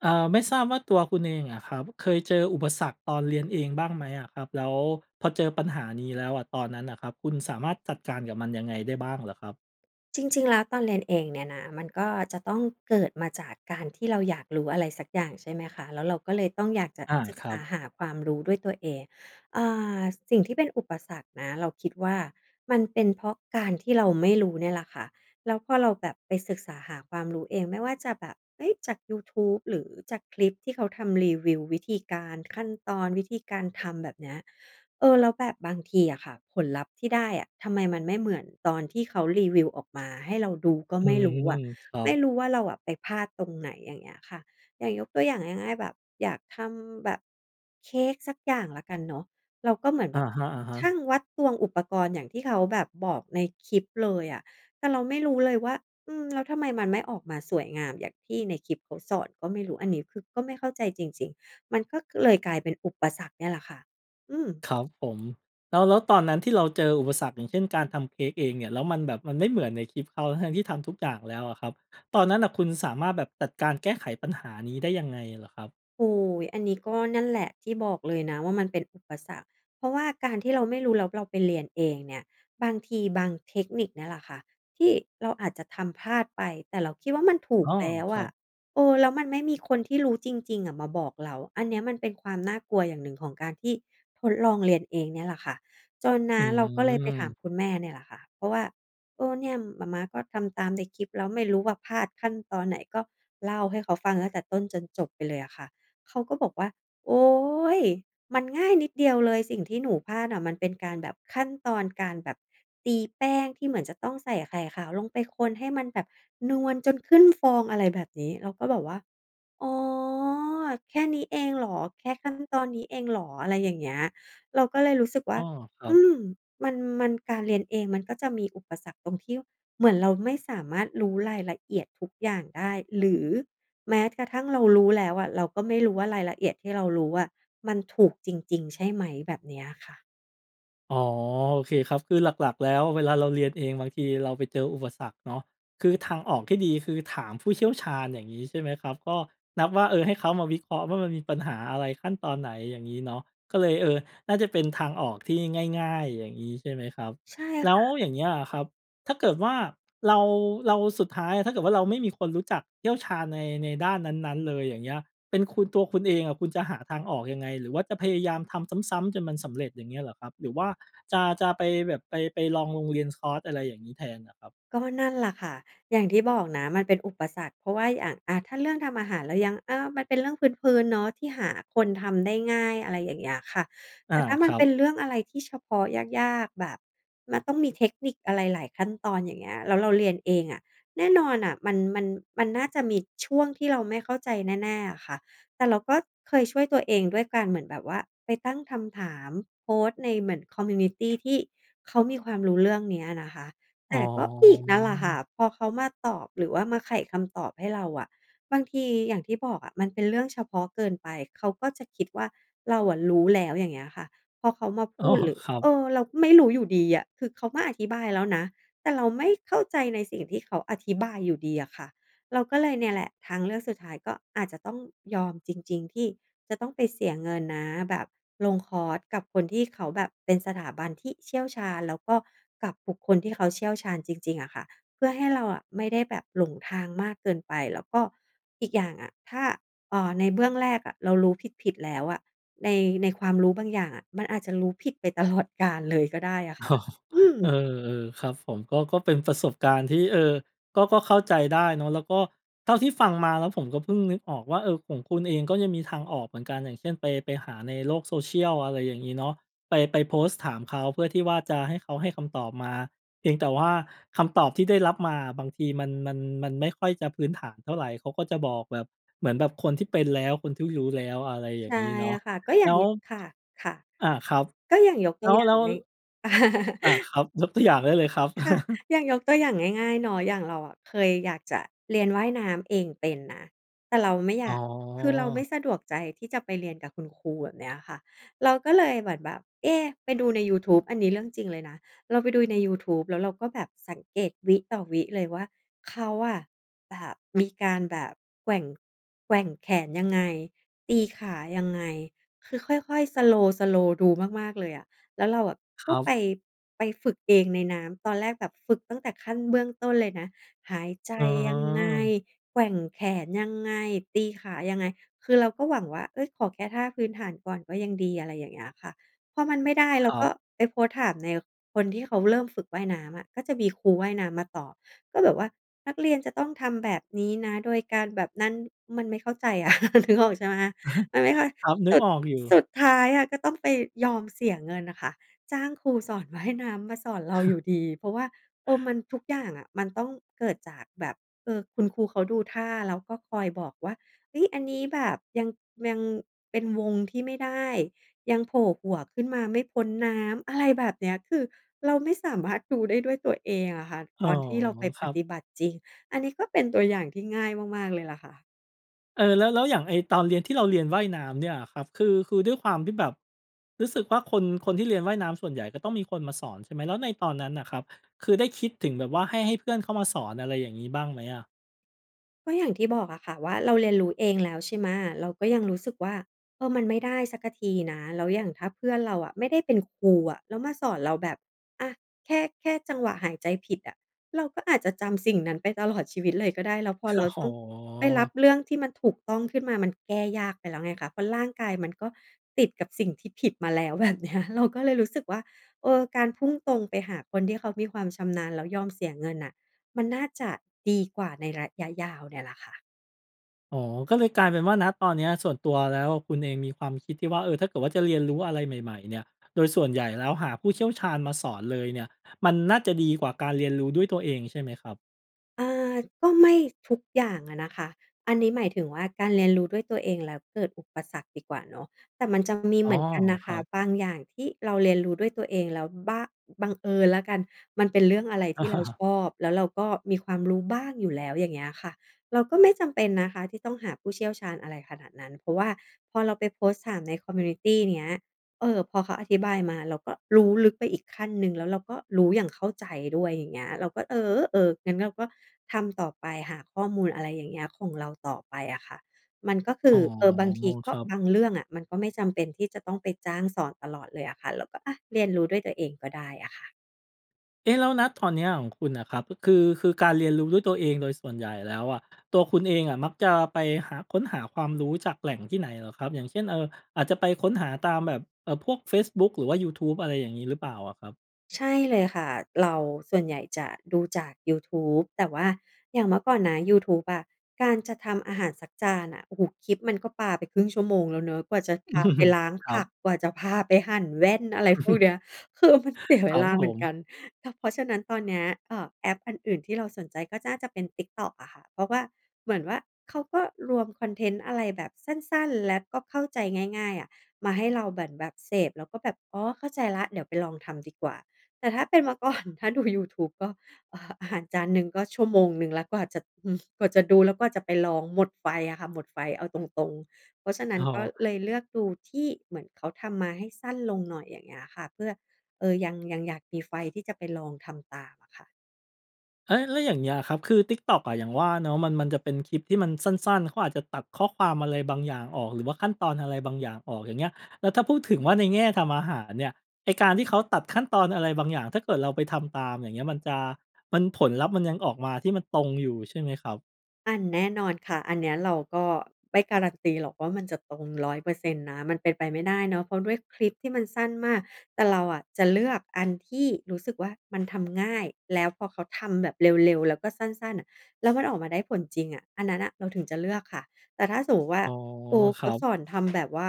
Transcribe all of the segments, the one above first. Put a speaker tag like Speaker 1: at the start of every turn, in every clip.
Speaker 1: อา ไม่ทราบว่าตัวคุณเองอะครับเคยเจออุปสรรคตอนเรียนเองบ้างไหมอะครับ? แล้วพอเจอปัญหานี้แล้วอะ ตอนนั้นน่ะครับคุณสามารถจัดการกับมันยังไงได้บ้างเหรอครับ?
Speaker 2: จริง ๆ แล้วตอนเรียนเองเนี่ยนะ มันก็จะต้องเกิดมาจากการที่เราอยากรู้อะไรสักอย่าง ใช่ไหมคะ แล้วเราก็เลยต้องอยากจะ
Speaker 1: อา
Speaker 2: ศึก
Speaker 1: คร
Speaker 2: ษ
Speaker 1: ั
Speaker 2: า
Speaker 1: บ
Speaker 2: หาความรู้ด้วยตัวเอง อ่า สิ่งที่เป็นอุปสรรคนะ เราคิดว่ามันเป็นเพราะการที่เราไม่รู้เนี่ยแหละค่ะ แล้วพอเราแบบไปศึกษาหาความรู้เอง ไม่ว่าจะแบบ เอ๊ย! จากยูทูบหรือจากคลิปที่เขาทำรีวิววิธีการ ขั้นตอน วิธีการทำ แบบเนี้ย เออ แล้วแบบบางทีอะค่ะผลลัพธ์ที่ได้อะทำไมมันไม่เหมือนตอนที่เขารีวิวออกมาให้เราดูก็
Speaker 1: อื
Speaker 2: ไม่รู้
Speaker 1: ม
Speaker 2: อะ
Speaker 1: ครั
Speaker 2: ไม
Speaker 1: บ
Speaker 2: ่รู้ว่าเราอะไปพลาดตรงไหน อย่างเงี้ยค่ะ อย่างยกตัวอย่างง่าย ๆ แบบ อยากทำแบบเค้กสักอย่างแล้วกันเนาะ เราก็เหมือน
Speaker 1: อ
Speaker 2: แ
Speaker 1: ะ
Speaker 2: บบ
Speaker 1: ฮะ
Speaker 2: ชั
Speaker 1: ๆ
Speaker 2: ่ง วัด ตวง อุปกรณ์อย่างที่เขาแบบบอกในคลิปเลยอะ แต่เราไม่รู้เลยว่า อืม แล้วทำไมมันไม่ออกมาสวยงามอย่างที่ในคลิปเขาสอนก็ไม่รู้ อันนี้คือก็ไม่เข้าใจจริง ๆ มันก็เลยกลายเป็นอุปสรรคเนี่ยแหละค่ะ อืม
Speaker 1: ครับผม แล้ว แล้วตอนนั้นที่เราเจออุปสรรค อย่างเช่น การทำเค้กเองเนี่ย แล้วมันแบบมันไม่เหมือนในคลิปเขา ทั้ง ๆ ที่ทำทุกอย่างแล้วอะครับ ตอนนั้นน่ะคุณสามารถแบบจัดการแก้ไขปัญหานี้ได้ยังไงเหรอครับ?
Speaker 2: โอ้ อันนี้ก็นั่นแหละ ที่บอกเลยนะว่ามันเป็นอุปสรรค เพราะว่าการที่เราไม่รู้แล้วเราไปเรียนเองเนี่ย บางทีบางเทคนิคเนี้ยแหละค่ะ ที่เราอาจจะทำพลาดไป แต่เราคิดว่ามันถู
Speaker 1: อ้
Speaker 2: ก
Speaker 1: อ
Speaker 2: แล้ว
Speaker 1: คร
Speaker 2: อ
Speaker 1: ั
Speaker 2: ะ
Speaker 1: บ
Speaker 2: เออ แล้วมันไม่มีคนที่รู้จริง ๆ อะมาบอกเรา อันเนี้ยมันเป็นความน่ากลัวอย่างหนึ่งของการที่ทดลองเรียนเองเนี่ยแหละค่ะ จนน
Speaker 1: อ
Speaker 2: ะเราก็เลยไปถาม
Speaker 1: ืม
Speaker 2: คุณแม่เนี่ยแหละค่ะ เพราะว่า เออ เนี่ยหม่าม้า ก็ทำตามในคลิปแล้ว ไม่รู้ว่าพลาดขั้นตอนไหน ก็เล่าให้เขาฟังตั้งแต่ต้นจนจบไปเลยอะค่ะ เขาก็บอกว่า "โอ๊ย! มันง่ายนิดเดียวเลย สิ่งที่หนูพลาดอะมันเป็นการแบบ ขั้นตอนการแบบตีแป้งที่เหมือนจะต้องใส่ไข่ขาวลงไปคนให้มันแบบนวลจนขึ้นฟอง" อะไรแบบนี้ เราก็แบบว่า "อ๋อ แค่นี้เองเหรอ? แค่ขั้นตอนนี้เองเหรอ?" อะไรอย่างเงี้ย เราก็เลยรู้สึกว
Speaker 1: อ
Speaker 2: ่
Speaker 1: ้
Speaker 2: า
Speaker 1: อ ครั
Speaker 2: อ
Speaker 1: บ
Speaker 2: ืม มัน มัน การเรียนเองมันก็จะมีอุปสรรคตรงที่เหมือนเราไม่สามารถรู้รายละเอียดทุกอย่างได้ หรือแม้กระทั่งเรารู้แล้วอะ เราก็ไม่รู้ว่ารายละเอียดที่เรารู้อะมันถูกจริง ๆ ใช่ไหม แบบเนี้ยค่ะ
Speaker 1: อ๋อ โอเคครับ คือหลัก ๆ แล้วเวลาเราเรียนเองบางทีเราไปเจออุปสรรคเนาะ คือทางออกที่ดีคือถามผู้เชี่ยวชาญ อย่างงี้ใช่ไหมครับ ก็นับว่า เออ ให้เขามาวิเคราะห์ว่ามันมีปัญหาอะไร ขั้นตอนไหน อย่างงี้เนาะ ก็เลย เออ น่าจะเป็นทางออกที่ง่าย ๆ อย่างงี้ ใช่ไหมครับ
Speaker 2: ใช่
Speaker 1: แล้
Speaker 2: ค
Speaker 1: ว
Speaker 2: ่ะ
Speaker 1: อย่างเงี้ยอะครับ ถ้าเกิดว่าเรา เรา สุดท้ายอะ ถ้าเกิดว่าเราไม่มีคนรู้จักเชี่ยวชาญใน ในด้านนั้น ๆ เลยอย่างเงี้ย เป็นคุณ ตัวคุณเองอะ คุณจะหาทางออกยังไง หรือว่าจะพยายามทำซ้ำ ๆ จนมันสำเร็จ อย่างเงี้ยเหรอครับ? หรือว่าจะ จะไปแบบไป ไปลองลงเรียนคอร์ส อะไรอย่างงี้แทนเหรอครับ?
Speaker 2: ก็นั่นล่ะค่ะ อย่างที่บอกนะมันเป็นอุปสรรค เพราะว่าอย่าง อ่า ถ้าเรื่องทำอาหารเรายัง อ่า มันเป็นเรื่องพื้น ๆ เนาะที่หาคนทำได้ง่าย อะไรอย่างเงี้ยค่ะ
Speaker 1: อ
Speaker 2: แ
Speaker 1: า
Speaker 2: ต่ถ้า
Speaker 1: ค
Speaker 2: มัน
Speaker 1: รั
Speaker 2: เ
Speaker 1: บ
Speaker 2: ป็นเรื่องอะไรที่เฉพาะ ยาก ๆ แบบมันต้องมีเทคนิคอะไรหลายขั้นตอน อย่างเงี้ย แล้วเราเรียนเองอะ แน่นอนน่ะ มัน มัน มันน่าจะมีช่วงที่เราไม่เข้าใจแน่ ๆ อะค่ะ แต่เราก็เคยช่วยตัวเองด้วยการเหมือนแบบว่าไปตั้งคำถาม โพสต์ในเหมือน คอมมิวนิตี ที่เขามีความรู้เรื่องเนี้ยนะคะ
Speaker 1: อ
Speaker 2: แ
Speaker 1: ๋
Speaker 2: ต
Speaker 1: อ
Speaker 2: ่ก็อีกนั่นแหละค่ะ พอเขามาตอบหรือว่ามาไขคำตอบให้เราอะ บางทีอย่างที่บอกอะ มันเป็นเรื่องเฉพาะเกินไป เขาก็จะคิดว่าเราอะรู้แล้ว อย่างเงี้ยค่ะ พอเขามาพ
Speaker 1: อ้อ
Speaker 2: ูดหรือ
Speaker 1: ครับ
Speaker 2: เออ เราก็ไม่รู้อยู่ดีอะ คือเขามาอธิบายแล้วนะ แต่เราไม่เข้าใจในสิ่งที่เขาอธิบายอยู่ดีอะค่ะ เราก็เลยเนี่ยแหละ ทางเลือกสุดท้ายก็อาจจะต้องยอมจริง ๆ ที่จะต้องไปเสียเงินนะ แบบลงคอร์สกับคนที่เขาแบบเป็นสถาบันที่เชี่ยวชาญ แล้วก็กับบุคคลที่เขาเชี่ยวชาญจริง ๆ อะค่ะ เพื่อให้เราอะไม่ได้แบบหลงทางมากเกินไป แล้วก็อีกอย่างอะ ถ้า เอ่อ ในเบื้องแรกอะ เรารู้ผิด ๆ แล้วอะ ใน ในความรู้บางอย่างอะมันอาจจะรู้ผิดไปตลอดกาลเลยก็ได้อะ
Speaker 1: อ
Speaker 2: ค่ะ
Speaker 1: ๋อ
Speaker 2: อื
Speaker 1: เออ
Speaker 2: ม
Speaker 1: ๆ ๆ ครับผม ก็ ก็เป็นประสบการณ์ที่ เออ ก็ ก็เข้าใจได้เนาะ แล้วก็ เท่าที่ฟังมาแล้วผมก็เพิ่งนึกออกว่า เออ ของคุณเองก็ยังมีทางออกเหมือนกัน อย่างเช่น ไป ไปหาในโลก Social อะไรอย่างงี้เนาะ ไป ไปโพสต์ถามเขา เพื่อที่ว่าจะให้เขาให้คำตอบมา เพียงแต่ว่าคำตอบที่ได้รับมาอะ บางทีมัน มัน มันไม่ค่อยจะพื้นฐานเท่าไร เขาก็จะบอกแบบเหมือนแบบคนที่เป็นแล้ว คนที่รู้แล้ว อะไรอย่
Speaker 2: ใช
Speaker 1: าง
Speaker 2: ่
Speaker 1: งี้เนาะ
Speaker 2: ค่ะ ก็อย
Speaker 1: แ
Speaker 2: ่
Speaker 1: ล
Speaker 2: า
Speaker 1: ้
Speaker 2: ง
Speaker 1: ว
Speaker 2: ยึ ค่ะ ค่ะ
Speaker 1: อา ครับ
Speaker 2: ก็อย่างยก
Speaker 1: แ
Speaker 2: ตั
Speaker 1: ล้
Speaker 2: ว
Speaker 1: ว
Speaker 2: อย่า
Speaker 1: แล้
Speaker 2: ง
Speaker 1: ว
Speaker 2: ไง
Speaker 1: อา ครับ ยกตัวอย่างได้เลยครับ
Speaker 2: ค่ะ อย่างยกตัวอย่างง่าย ๆ เนาะ อย่างเราอะเคยอยากจะเรียนว่ายน้ำเองเป็นนะ แต่เราไม่อย
Speaker 1: อ๋
Speaker 2: า
Speaker 1: อ
Speaker 2: ก คือเราไม่สะดวกใจที่จะไปเรียนกับคุณครู แบบเนี้ยอะค่ะ เราก็เลยเหมือนแบบ เอ๊ะ ไปดูในยูทูบ อันนี้เรื่องจริงเลยนะ เราไปดูในยูทูบ แล้วเราก็แบบสังเกตวิต่อวิเลยว่า เขาอะแบบมีการแบบแกว่ง แกว่งแขนยังไง ตีขายังไง คือค่อย ๆ Slow Slow ดูมาก ๆ เลยอะ แล้วเราแบบ
Speaker 1: ค
Speaker 2: ก
Speaker 1: ร
Speaker 2: ็
Speaker 1: ั
Speaker 2: ไป
Speaker 1: บ
Speaker 2: ไปฝึกเองในน้ำ ตอนแรกแบบฝึกตั้งแต่ขั้นเบื้องต้นเลยนะ หายใจ
Speaker 1: อ๋
Speaker 2: ยังไง
Speaker 1: อ
Speaker 2: แกว่งแขนยังไง ตีขายังไง คือเราก็หวังว่า เฮ้ย ขอแค่ท่าพื้นฐานก่อนก็ยังดี อะไรอย่างเงี้ยค่ะ พอมันไม่ได้
Speaker 1: ค
Speaker 2: เรา
Speaker 1: รั
Speaker 2: ก็
Speaker 1: บ
Speaker 2: ไปโพสต์ถามใน คนที่เขาเริ่มฝึกว่ายน้ำอะ ก็จะมีครูว่ายน้ำมาตอบ ก็แบบว่า "นักเรียนจะต้องทำแบบนี้นะ โดยการแบบนั้น" มันไม่เข้าใจอะ นึกออกใช่ไหม มันไม่ค่อย
Speaker 1: ครับ นึ
Speaker 2: ส
Speaker 1: ก
Speaker 2: ุด
Speaker 1: ออกอยู
Speaker 2: ส
Speaker 1: ่
Speaker 2: ุดท้ายอะก็ต้องไปยอมเสียเงินน่ะค่ะ จ้างครูสอนว่ายน้ำมาสอนเราอยู่ดี เพราะว่า เออ มันทุกอย่างอะ มันต้องเกิดจากแบบ เออ คุณครูเขาดูท่าแล้วก็คอยบอกว่า "เฮ้ย อันนี้แบบ ยัง ยังเป็นวงที่ไม่ได้ ยังโผล่หัวขึ้นมาไม่พ้นน้ำ" อะไรแบบเนี้ย คือเราไม่สามารถดูได้ด้วยตัวเองอะค่ะ
Speaker 1: อ๋อ
Speaker 2: ตอนที่เราไป
Speaker 1: ค
Speaker 2: ป
Speaker 1: รับ
Speaker 2: ฏิบัติจริง อันนี้ก็เป็นตัวอย่างที่ง่ายมาก ๆ เลยล่ะค่ะ
Speaker 1: เออ แล้ว แล้วอย่างไอ้ตอนเรียน ที่เราเรียนว่ายน้ำเนี่ยอะครับ คือ คือด้วยความที่แบบรู้สึกว่า คน คนที่เรียนว่ายน้ำ ส่วนใหญ่ก็ต้องมีคนมาสอนใช่ไหม? แล้วในตอนนั้นน่ะครับ คือได้คิดถึงแบบว่าให้ ให้เพื่อนเข้ามาสอน อะไรอย่างงี้ บ้างไหมอะ?
Speaker 2: ก็อย่างที่บอกอะค่ะว่า เราเรียนรู้เองแล้ว ใช่ไหม เราก็ยังรู้สึกว่า เออ มันไม่ได้สักทีนะ แล้วอย่างถ้าเพื่อนเราอะไม่ได้เป็นครูอะ แล้วมาสอนเราแบบ อะ แค่ แค่จังหวะหายใจผิดอะ เราก็อาจจะจำสิ่งนั้นไป ตลอด ชีวิตเลยก็ได้ แล้วพอเรา
Speaker 1: อ๋
Speaker 2: ต้อ
Speaker 1: อ
Speaker 2: งไปรับเรื่องที่มันถูกต้องขึ้นมา มันแก้ยากไปแล้วไงคะ เพราะร่างกายมันก็ติดกับสิ่งที่ผิดมาแล้ว แบบเนี้ย เราก็เลยรู้สึกว่า เออ การพุ่งตรงไปหาคนที่เขามีความชำนาญ แล้วยอมเสียเงินน่ะ มันน่าจะดีกว่าในระยะยาวเนี่ยล่ะค่ะ
Speaker 1: อ๋อ ก็เลยกลายเป็นว่า ณ ตอนเนี้ย ส่วนตัวแล้ว คุณเองมีความคิดที่ว่า เออ ถ้าเกิดว่าจะเรียนรู้อะไรใหม่ ๆ เนี่ย โดยส่วนใหญ่แล้วหาผู้เชี่ยวชาญมาสอนเลยเนี่ย มันน่าจะดีกว่าการเรียนรู้ด้วยตัวเองใช่ไหมครับ?
Speaker 2: อ่า ก็ไม่ทุกอย่างอะนะคะ อันนี้หมายถึงว่า การเรียนรู้ด้วยตัวเองแล้วเกิดอุปสรรคดีกว่าเนาะ แต่มันจะมี
Speaker 1: อ้
Speaker 2: เห
Speaker 1: อ
Speaker 2: มือนกันนะ
Speaker 1: ค
Speaker 2: ค
Speaker 1: รั
Speaker 2: ะ
Speaker 1: บ
Speaker 2: บางอย่างที่เราเรียนรู้ด้วยตัวเองแล้วบ้าง บังเอิญแล้วกัน มันเป็นเรื่องอะไรที่เราชอบ แล้วเราก็มีความรู้บ้างอยู่แล้ว อย่างเงี้ยค่ะ เราก็ไม่จำเป็นนะคะที่ต้องหาผู้เชี่ยวชาญอะไรขนาดนั้น เพราะว่าพอเราไปโพสต์ถามใน คอมมิวนิตี เนี้ย เออ พอเขาอธิบายมา เราก็รู้ลึกไปอีกขั้นหนึ่ง แล้วเราก็รู้อย่างเข้าใจด้วย อย่างเงี้ย เราก็ เออ เออ งั้นเราก็ทำต่อไป หาข้อมูล อะไรอย่างเงี้ย ของเราต่อไปอะค่ะ มันก็ค
Speaker 1: อ
Speaker 2: ื
Speaker 1: ๋
Speaker 2: อ
Speaker 1: อ
Speaker 2: เออ บางทีก
Speaker 1: ค
Speaker 2: ็
Speaker 1: รับ
Speaker 2: บางเรื่องอะ มันก็ไม่จำเป็นที่จะต้องไปจ้างสอนตลอดเลยอะค่ะ เราก็ อะ เรียนรู้ด้วยตัวเองก็ได้อะค่ะ
Speaker 1: เอ๊ะ แล้ว ณ ตอนเนี้ยของคุณอะครับ คือ คือการเรียนรู้ด้วยตัวเองโดยส่วนใหญ่แล้วอะ ตัวคุณเองอะมักจะไปหา ค้นหาความรู้จากแหล่งที่ไหนเหรอครับ อย่างเช่น เอ่อ อาจจะไปค้นหาตามแบบ เอ่อ พวกเฟซบุ๊กหรือว่ายูทูบ อะไรอย่างงี้หรือเปล่าอะครับ?
Speaker 2: ใช่เลยค่ะ เรา ส่วนใหญ่จะดูจากยูทูบ แต่ว่าอย่างเมื่อก่อนนะยูทูบอะ การจะทำอาหารสักจานน่ะ โอ้โฮ คลิปมันก็ปาไปครึ่งชั่วโมงแล้วเนาะ กว่าจะพาไปล้าง
Speaker 1: คร
Speaker 2: ผ
Speaker 1: ับ
Speaker 2: ัก กว่าจะพาไปหั่นแว่น อะไรพวกเนี้ย คือมันเสีย
Speaker 1: ค
Speaker 2: เว
Speaker 1: รับ
Speaker 2: ลา
Speaker 1: ผ
Speaker 2: เหมือน
Speaker 1: ม
Speaker 2: กัน ต เพราะฉะนั้นตอนเนี้ย เอ่อ แอปอันอื่นที่เราสนใจก็น่าจะเป็น TikTok อะค่ะ เพราะว่า เหมือนว่าเขาก็รวมคอนเทนต์อะไรแบบสั้น ๆ และก็เข้าใจง่าย ๆ อะ มาให้เราเหมือนแบบเสพ แล้วก็แบบ "อ๋อ เข้าใจแล้ว เดี๋ยวไปลองทำดีกว่า" แต่ถ้าเป็นเมื่อ ก่อน ถ้าดูยูทูบก็ เอ่อ จานหนึ่งก็ชั่วโมงหนึ่งแล้วกว่าจะ อืม กว่าจะดู แล้วกว่าจะไปลอง หมดไฟอะค่ะ หมดไฟ เอาตรง ๆ เพราะฉะนั
Speaker 1: อ
Speaker 2: ้
Speaker 1: ๋
Speaker 2: นก็
Speaker 1: อ
Speaker 2: เลยเลือกดูที่เหมือนเขาทำมาให้สั้นลงหน่อย อย่างเงี้ยค่ะ เพื่อ เออ ยัง ยังอยากมีไฟที่จะไปลองทำตามอะค่ะ
Speaker 1: อา แล้วอย่างเงี้ยอะครับ คือ TikTok อะ อย่างว่าเนาะ มัน มันจะเป็นคลิปที่มันสั้น ๆ เขาอาจจะตัดข้อความอะไรบางอย่างออก หรือว่าขั้นตอนอะไรบางอย่างออก อย่างเงี้ย แล้วถ้าพูดถึงว่าในแง่ทำอาหารเนี่ย ไอ้การที่เขาตัดขั้นตอนอะไรบางอย่าง ถ้าเกิดเราไปทำตาม อย่างเงี้ย มันจะ มัน ผลลัพธ์ มันยังออกมาที่มันตรงอยู่ใช่ไหมครับ?
Speaker 2: อา แน่นอนค่ะ อันเนี้ยเราก็ไม่การันตีหรอกว่า มันจะตรง 100% นะ มันเป็นไปไม่ได้เนาะ เพราะด้วยคลิปที่มันสั้นมาก แต่เราอะจะเลือกอันที่รู้สึกว่ามันทำง่าย แล้วพอเขาทำแบบเร็ว ๆ แล้วก็สั้น ๆ น่ะ แล้วมันออกมาได้ผลจริงอะ อันนั้นน่ะเราถึงจะเลือกค่ะ แต่ถ้าสมมุติว่า
Speaker 1: อ๋อ
Speaker 2: ครู
Speaker 1: ค
Speaker 2: เข
Speaker 1: ร
Speaker 2: า
Speaker 1: ับ
Speaker 2: สอนทำ แบบว่า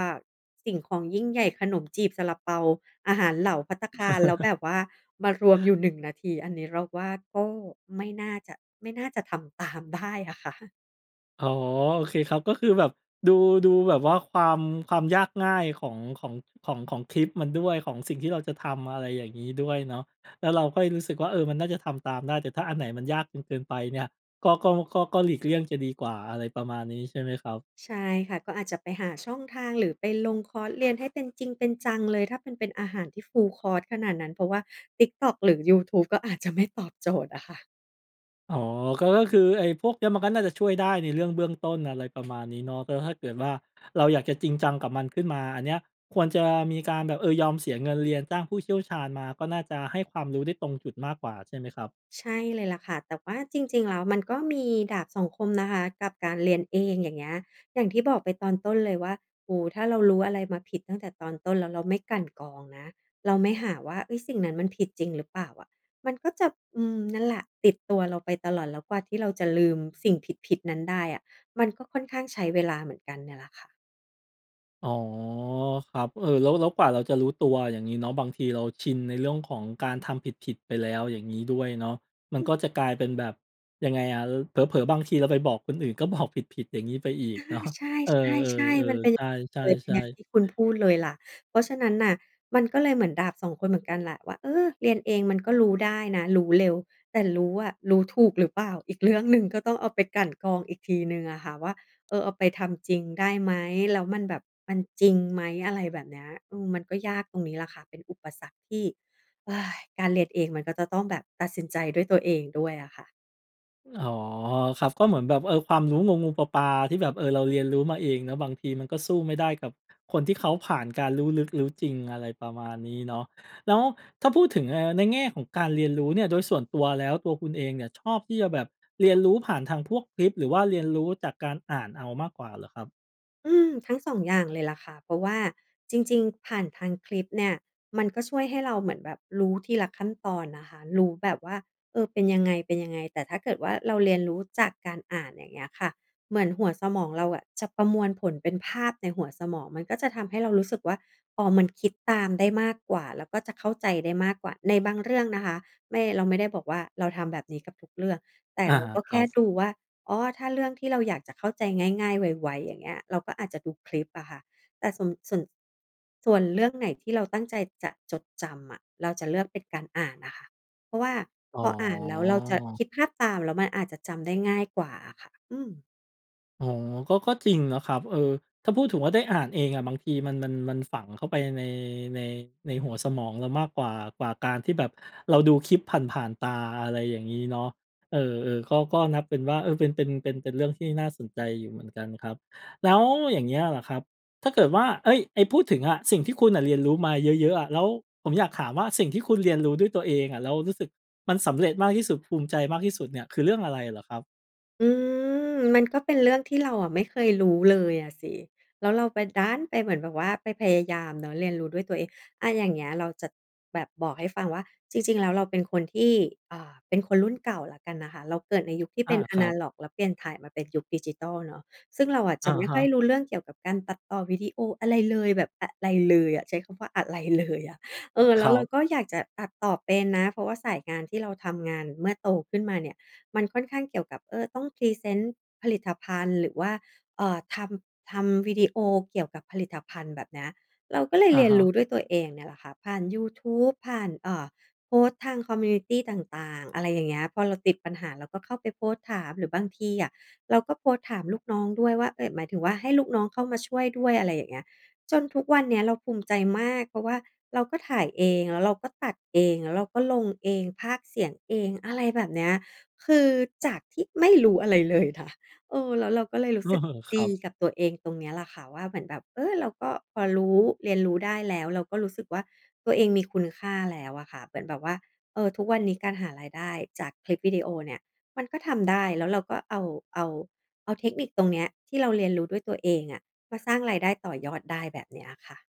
Speaker 2: สิ่งของยิ่งใหญ่ ขนมจีบ ซาลาเปา อาหารเหลาภัตตาคาร แล้วแบบว่ามารวมอยู่ 1 นาที อันนี้เราว่า ก็ ไม่น่าจะ ไม่น่าจะทำ ตามได้ อะค่ะ
Speaker 1: อ๋อ โอเคครับ ก็คือแบบดู ดูแบบว่าความ ความยากง่ายของ ของ ของ ของคลิปมันด้วย ของสิ่งที่เราจะทำ อะไรอย่างนี้ด้วยเนาะ แล้วเราค่อยรู้สึกว่าเออมันน่าจะทำตามได้ แต่ถ้าอันไหนมันยากจนเกินไปเนี่ย ก็ ก็ ก็ ก็หลีกเลี่ยงจะดีกว่า อะไรประมาณนี้ ใช่ไหมครับ?
Speaker 2: ใช่ค่ะ ก็อาจจะไปหาช่องทาง หรือไปลงคอร์สเรียนให้เป็นจริงเป็นจังเลย ถ้ามันเป็นอาหารที่ Full course ขนาดนั้น เพราะว่า TikTok หรือยูทูบ ก็อาจจะ ไม่ตอบ โจทย์อะค่ะ
Speaker 1: อ๋อ ก็คือไอ้พวกเนี้ยมันก็น่าจะช่วยได้ในเรื่องเบื้องต้น อะไรประมาณนี้เนาะ แล้วถ้าเกิดว่า เราอยากจะจริงจังกับมันขึ้นมา อันเนี้ยควรจะมีการแบบ เออ ยอมเสียเงินเรียน จ้างผู้เชี่ยวชาญมา ก็น่าจะให้ความรู้ได้ตรงจุดมากกว่าใช่ไหมครับ?
Speaker 2: ใช่เลยแหละค่ะ แต่ว่าจริง ๆ แล้วมันก็ มีดาบสองคมนะคะกับการเรียนเอง อย่างเงี้ย อย่างที่บอกไปตอนต้นเลยว่า โอ้โฮ ถ้าเรารู้อะไรมาผิดตั้งแต่ตอนต้นแล้วเราไม่กลั่นกรองนะ เราไม่หาว่า เฮ้ย สิ่งนั้นมันผิดจริงหรือเปล่าอะ? มันก็จะ อืม นั่นแหละ ติดตัวเราไปตลอด แล้วกว่าที่เราจะลืมสิ่งผิด ๆ นั้นได้อะ มันก็ค่อนข้างใช้เวลาเหมือนกันเนี่ยแหละค่ะ
Speaker 1: อ๋อ ครับ เออ แล้ว แล้วกว่าเราจะรู้ตัว อย่างงี้เนาะ บางทีเราชินในเรื่องของการทำผิด ๆ ไปแล้ว อย่างงี้ด้วยเนาะ มั
Speaker 2: อ
Speaker 1: น
Speaker 2: ื
Speaker 1: ก
Speaker 2: ม
Speaker 1: ็จะกลายเป็นแบบ ยังไงอะ ล เผลอ ๆ บางทีเราไปบอกคนอื่นก็ บอก ผิด ๆ อย่างงี้ไปอีก
Speaker 2: อา
Speaker 1: เนาะ
Speaker 2: ใช
Speaker 1: เออ
Speaker 2: ่ ๆ ๆ มัน
Speaker 1: ๆ
Speaker 2: เป็
Speaker 1: ๆ
Speaker 2: น
Speaker 1: ใช
Speaker 2: เอ่อ
Speaker 1: ่
Speaker 2: อย่าง
Speaker 1: ๆ ๆ
Speaker 2: ที่คุณพูดเลยแหละ เพราะฉะนั้นน่ะ มันก็เลยเหมือนดาบ 2 คนเหมือนกันแหละว่า เออ เรียนเองมันก็รู้ได้นะ รู้เร็ว แต่รู้อะรู้ถูกหรือเปล่าอีกเรื่องหนึ่ง? ก็ต้องเอาไปกลั่นกรองอีกทีหนึ่งอะค่ะว่า เออ เอาไปทำจริงได้ไหม แล้วมันแบบ มันจริงไหม? อะไรแบบเนี้ย อืม มันก็ยากตรงนี้แหละค่ะ เป็นอุปสรรคที่ การเรียนเองมันก็จะต้องแบบตัดสินใจด้วยตัวเองด้วยน่ะค่ะ
Speaker 1: อ๋อ ครับ ก็เหมือนแบบว่า เออ ความรู้งู ๆ ปลา ๆ ที่แบบ เออ เราเรียนรู้มาเองเนาะ บางทีมันก็สู้ไม่ได้กับคนที่เขาผ่านการรู้ลึกรู้จริง อะไรประมาณนี้เนาะ แล้วถ้าพูดถึง เอ่อ ในแง่ของการเรียนรู้เนี่ย โดยส่วนตัวแล้ว ตัวคุณเองเนี่ยชอบที่จะแบบเรียนรู้ผ่านทางพวกคลิป หรือว่าเรียนรู้จากการอ่านเอามากกว่าเหรอครับ?
Speaker 2: อืม ทั้งสองอย่างเลยล่ะค่ะ เพราะว่าจริง ๆ ผ่านทางคลิปเนี่ย มันก็ช่วยให้เราเหมือนแบบรู้ทีละขั้นตอนนะคะ รู้แบบว่า เออ เป็นยังไง ๆ แต่ถ้าเกิดว่าเราเรียนรู้จากการอ่าน อย่างเงี้ยค่ะ เหมือนหัวสมองเราอะจะประมวลผลเป็นภาพในหัวสมอง มันก็จะทำให้เรารู้สึกว่า พอมันคิดตามได้มากกว่า แล้วก็จะเข้าใจได้มากกว่า ในบางเรื่องนะคะ ไม่ เราไม่ได้บอกว่าเราทำแบบนี้กับทุกเรื่อง แต่
Speaker 1: อา
Speaker 2: เราก็
Speaker 1: ค
Speaker 2: แ
Speaker 1: ร
Speaker 2: ค
Speaker 1: ั
Speaker 2: ่
Speaker 1: บ
Speaker 2: ดูว่า อ๋อ ถ้าเรื่องที่เราอยากจะเข้าใจง่าย ๆ ไว ๆ อย่างเงี้ย เราก็อาจจะดูคลิปอะค่ะ แต่ ส่วน ส่วน ส่วนเรื่องไหนที่เราตั้งใจจะจดจำอะ เราจะเลือกเป็นการอ่านน่ะค่ะ เพราะว่า
Speaker 1: อ๋
Speaker 2: พออ่านแล้วเราจะ
Speaker 1: อ
Speaker 2: คิดภาพตาม แล้วมันอาจจะจำได้ง่ายกว่าอะค่ะ อืม
Speaker 1: อ๋อ ก็ ก็จริงนะครับ เออ ถ้าพูดถึงว่าได้อ่านเองอะบางทีมัน มัน มันฝังเข้าไป ใน ใน ในหัวสมองเรามากกว่า กว่าการที่แบบเราดูคลิปผ่าน ๆ ตา อะไรอย่างงี้เนาะ เออ ๆ ก็ ก็นับเป็นว่า เออ เป็น เป็น เป็น เป็นเรื่องที่น่าสนใจอยู่เหมือนกันครับ แล้วอย่างเงี้ยล่ะครับ ถ้าเกิดว่า เอ๊ย ไอ้พูดถึงอะ สิ่งที่คุณน่ะเรียนรู้มาเยอะ ๆ อะ แล้ว ผมอยากถามว่าสิ่งที่คุณเรียนรู้ด้วยตัวเองอะ แล้วรู้สึกมันสำเร็จมากที่สุด ภูมิใจมากที่สุดเนี่ย คือเรื่องอะไรเหรอครับ?
Speaker 2: อืม มันก็เป็นเรื่องที่เราอะไม่เคยรู้เลยอะสิ แล้วเราไป ดันไปเหมือนแบบว่าไปพยายามเนาะเรียนรู้ด้วยตัวเอง อะ อย่างเงี้ย เราจะแบบบอกให้ฟังว่า จริง ๆ แล้ว เราเป็นคนที่ อ่า เป็นคนรุ่นเก่าแล้วกันนะคะ เราเกิดในยุคที่เ
Speaker 1: อ
Speaker 2: ป
Speaker 1: า
Speaker 2: ็นแอ
Speaker 1: ครั
Speaker 2: นะ
Speaker 1: บ
Speaker 2: ล็อกแล้วเปลี่ยนถ่ายมาเป็นยุคดิจิทัลเนาะ ซึ่งเราอะ
Speaker 1: อ
Speaker 2: จะ
Speaker 1: ะ
Speaker 2: ไม่
Speaker 1: ฮ
Speaker 2: ค่อ
Speaker 1: ะ
Speaker 2: ยรู้เรื่องเกี่ยวกับการตัดต่อวิดีโออะไรเลย แบบอะไรเลยอะ ใช้คำว่าอะไร เลยอะ เออ แ
Speaker 1: ค
Speaker 2: ล้
Speaker 1: ร
Speaker 2: ว
Speaker 1: ั
Speaker 2: เรา
Speaker 1: บ
Speaker 2: ก็อยากจะตัดต่อเป็นนะ เพราะว่าสายงานที่เราทำงานเมื่อโตขึ้นมาเนี่ย มันค่อนข้างเกี่ยวกับ เออ ต้องพรีเซนต์ผลิตภัณฑ์ หรือว่า เอ่อ ทำ ทำวิดีโอเกี่ยวกับผลิตภัณฑ์ แบบเนี้ย เราก็เลย
Speaker 1: อะ
Speaker 2: เรีย
Speaker 1: ฮ
Speaker 2: นร
Speaker 1: ะ
Speaker 2: ู้ด้วยตัวเองเนี่ยแหละค่ะ ผ่านยูทูบ ผ่าน เอ่อ โพสต์ทาง คอมมิวนิตี ต่าง ๆ อะไรอย่างเงี้ย พอเราติดปัญหา เราก็เข้าไปโพสต์ถาม หรือบางทีอะเราก็โพสต์ถามลูกน้องด้วยว่า เอ๊ย หมายถึงว่าให้ลูกน้องเข้ามาช่วยด้วย อะไรอย่างเงี้ย จนทุกวันเนี้ยเราภูมิใจมาก เพราะว่าเราก็ถ่ายเอง แล้วเราก็ตัดเอง แล้วเราก็ลงเอง พากย์เสียงเอง อะไรแบบเนี้ย คือจากที่ไม่รู้อะไรเลยค่ะ เออ แล้วเราก็เลยรู้สึก
Speaker 1: ค
Speaker 2: ด
Speaker 1: รั
Speaker 2: ี
Speaker 1: บ
Speaker 2: กับตัวเองตรงเนี้ยล่ะค่ะว่า เหมือนแบบ เออ เราก็พอรู้ เรียนรู้ได้แล้ว เราก็รู้สึกว่า ตัวเองมีคุณค่าแล้วอะค่ะ เป็นแบบว่า เออ ทุกวันนี้การหารายได้จากคลิปวิดีโอเนี่ย มันก็ทำได้ แล้วเราก็ เอา เอา เอาเทคนิคตรงเนี้ย ที่เราเรียนรู้ด้วยตัวเองอะ มาสร้างรายได้ต่อยอดได้ แบบเนี้ยค่ะ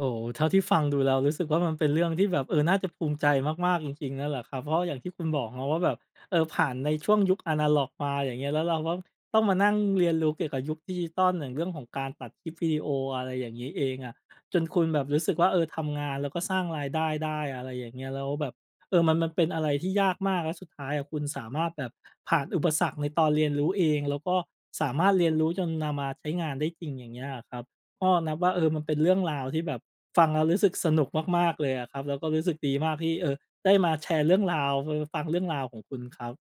Speaker 1: โอ้โฮ เท่าที่ฟังดูแล้วรู้สึกว่า มันเป็นเรื่องที่แบบ เออ น่าจะภูมิใจมาก ๆ จริง ๆ นั่นแหละครับ เพราะอย่างที่คุณบอกเนาะว่า แบบ เออ ผ่านในช่วงยุคแอนะล็อกมา อย่างเงี้ย แล้วเราก็ต้องมานั่งเรียนรู้เกี่ยวกับยุคดิจิทัล อย่างเรื่องของการตัดคลิปวิดีโอ อะไรอย่างงี้เองอะ จนคุณแบบรู้สึกว่า เออ ทำงานแล้วก็สร้างรายได้ได้ อะไรอย่างเงี้ย แล้วแบบ เออ มัน มันเป็นอะไรที่ยากมาก แล้วสุดท้ายอะคุณสามารถแบบผ่านอุปสรรคในตอนเรียนรู้เอง แล้วก็สามารถเรียนรู้จนนำมาใช้งานได้จริง อย่างเงี้ยอะครับ ก็นับว่า เออ มันเป็นเรื่องราวที่แบบฟังแล้วรู้สึกสนุกมาก ๆ เลยอะครับ แล้วก็รู้สึกดีมากที่ เออ ได้มาแชร์เรื่องราว ฟ ฟ ฟังเรื่องราวของคุณครับ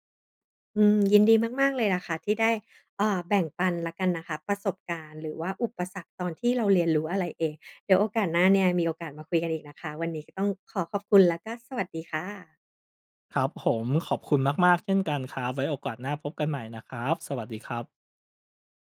Speaker 2: อืม ยินดีมาก ๆ เลยล่ะค่ะที่ได้ เอ่อ แบ่งปันแล้วกันนะคะ ประสบการณ์หรือว่าอุปสรรค ตอนที่เราเรียนรู้อะไรเอง เดี๋ยวโอกาสหน้าเนี่ย มีโอกาสมาคุยกันอีกนะคะ วันนี้ก็ต้องขอขอบคุณ แล้วก็สวัสดีค่ะ
Speaker 1: ครับผม ขอบคุณมาก ๆ เช่นกันครับ ไว้โอกาสหน้าพบกันใหม่นะครับ สวัสดีครับ